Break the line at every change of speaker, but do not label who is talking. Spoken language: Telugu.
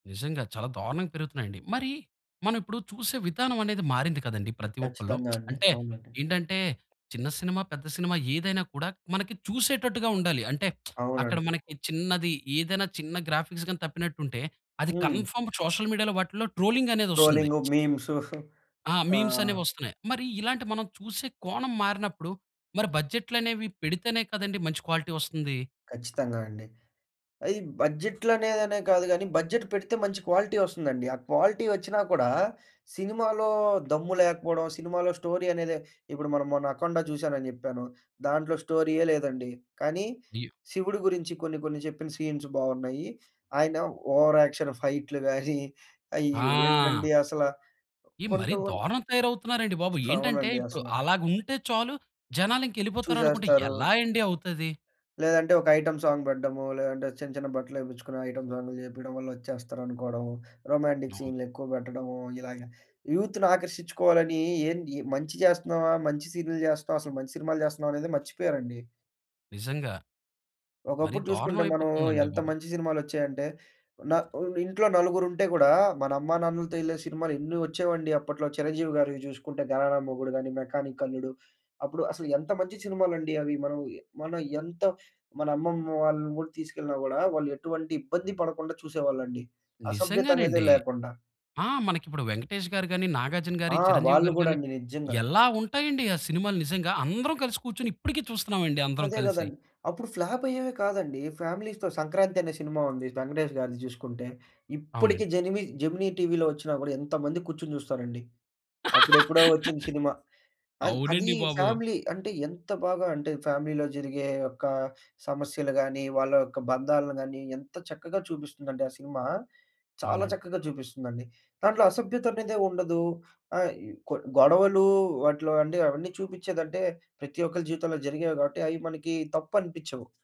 నిజంగా చాలా దారుణంగా పెరుగుతున్నాయండి. మరి మనమిప్పుడు చూసే విధానమానేది మారింది కదండీ! ప్రతి ఒక్కలో.
ఖచ్చితంగా అండి.
అంటే
అవునండి.
ఏంటంటే చిన్న సినిమా, పెద్ద సినిమా ఏదైనా కూడా మనకి చూసేటట్టుగా ఉండాలి. అంటే అక్కడ
అవునండి.
మనకి చిన్నది ఏదైనా చిన్న గ్రాఫిక్స్‌ గాని తప్పినట్టుంటే, అది
హ్మ్.
కన్ఫర్మ్ సోషల్ మీడియాలో వాటిలో ట్రోలింగనేదొస్తుంది.
ట్రో‌లింగు, మీమ్సు
ఆ!
ఆ!
మీమ్స్ అనేవోస్తున్నాయి. మరి ఇలాంటి మనం చూసే కోణం మారినప్పుడు మరి బడ్జెట్లనేవి పెడితేనే కదండీ మంచి క్వాలిటీ ఒస్తుంది?
ఖచ్చితంగా అండి. అది బడ్జెట్‌లనేదనే కాదు గానీ బడ్జెట్ పెడితే మంచి క్వాలిటోస్తుందండి. ఆ క్వాలిటీ ఒచ్చినా కూడా సినిమాలో దమ్ము లేకపోవడం, సినిమాలో స్టోరీ అనేదె ఇప్పుడు మనం మొన్న 'అఖండ' జూసానని జెప్పాను, దాంట్లో స్టోరీయే లేదండి. కానీ,
అయ్యో!
'శివుడు' గురించి కొన్ని కొన్ని చెప్పిన సీన్స్ బాగున్నాయి. ఆయన ఓవర్ యాక్షన్ ఫైట్లు గాని అయి
ఆ!
ఏంటండి అసల
ఎ మరి
కొంతో కొన్
దారుణం తయారవుతున్నారండి బాబు! ఏంటంటే
అవునండి.
ఇప్పుడు
అసల.
అలాగుంటే చాలు జనాలింకెళ్ళిపోతారనుకుంటే
చూసేస్తారు.
ఎలా అండి అవుతది?
లేదంటే ఒక ఐటెమ్ సాంగ్ పెడ్డము, లేదంటే చిన్న చిన్న బట్టలేపిచ్చుకునే ఐటెమ్ సాంగులు జేపియడం వల్ల ఒచ్చేస్తారనుకోవడం, రొమాంటిక్
అవును.
సీన్లేక్కువ పెట్టడము, ఇలాగ యూత్‌నాకర్షించుకోవాలని ఎన్ యే మంచి చేస్తున్నామా? మంచి సీన్లు చేస్తున్నామ? అసలు మంచి సినిమాలు చేస్తున్నామానేది మర్చిపోయారండి.
నిజంగా. మరి
ఒకప్పుడు
దారుణం
జూసుకుంటే మనం
అయిపోతుంది అండి
ఎంత
బాబు.
మంచి సినిమాలొచ్చాయంటే, న ఉన్ ఇంట్లో నలుగురుంటే గూడా మన అమ్మానాన్నలతో ఎళ్ళే సినిమాలేన్ని ఒచ్చేవండి అప్పట్లో. చిరంజీవి గారివి జూసుకుంటే గరానా మొగుడు గాని, మెకానిక్ అల్లుడు. అప్పుడు అసలేంత మంచి సినిమాలండి అవి. మనం యె మనం ఎంత మన అమ్మమ్మ వాళ్ళని గూడా తీసుకెళ్ళినా గూడా వాళ్ళు ఎటువంటి ఇబ్బంది పడకుండా చూసేవాళ్ళండి. అసభ్యత అనేదే
నిజంగానండి.
లేకుండా.
ఆ! మనకిప్పుడు వెంకటేష్ గారు గాని, నాగార్జున
ఆ!
గారియి, చిరంజీవి
వాళ్ళు
గారి
గూడా
గాని
అండి, నిజ్జంగా.
ఎలా ఉంటాయండి ఆ సినిమాలు నిజంగా. అందరం కలిసి కూర్చొని ఇప్పటికి చూస్తున్నాం‌డి అందరం
అదే
కలిసి.
గదండీ. అప్పుడు ఫ్లాపయ్యేవె కాదండి. ఫ్యామిలీస్‌తో 'సంక్రాంతి' అనే సినిమా ఉంది వెంకటేష్ గారిది చూసుకుంటే. ఇప్పటికి
అవునండి.
జెనిమి జెమినీ టీవీలోచ్చినా గూడా ఎంతమంది కూర్చొని చూస్తారండి. అప్పుడెప్పుడో ఒచ్చింది సినిమా. అయి అది
అవునండి, బాబు!
ఫ్యామిలీ అంటే, ఎంత బాగా అంటే ఫ్యామిలీలో జరిగే ఒక్కా సమస్యలు గాని, వాళ్ళ యొక్క బంధాలు గాని ఎంత చక్కగా చూపిస్తుందంటే ఆ సినిమా, చాలా
అవునండి.
చక్కగా జూపిస్తుందండి. దాంట్లో అసభ్యత అనేదే ఉండదు. ఆ ఇ కొ గొడవలు వాటిలో అంటే అవన్నీ చూపించేదంటే ప్రతి ఒక్కలి జీవితంలో జరిగేవి గాబట్టి అవి మనకి తప్పు అనిపించవు.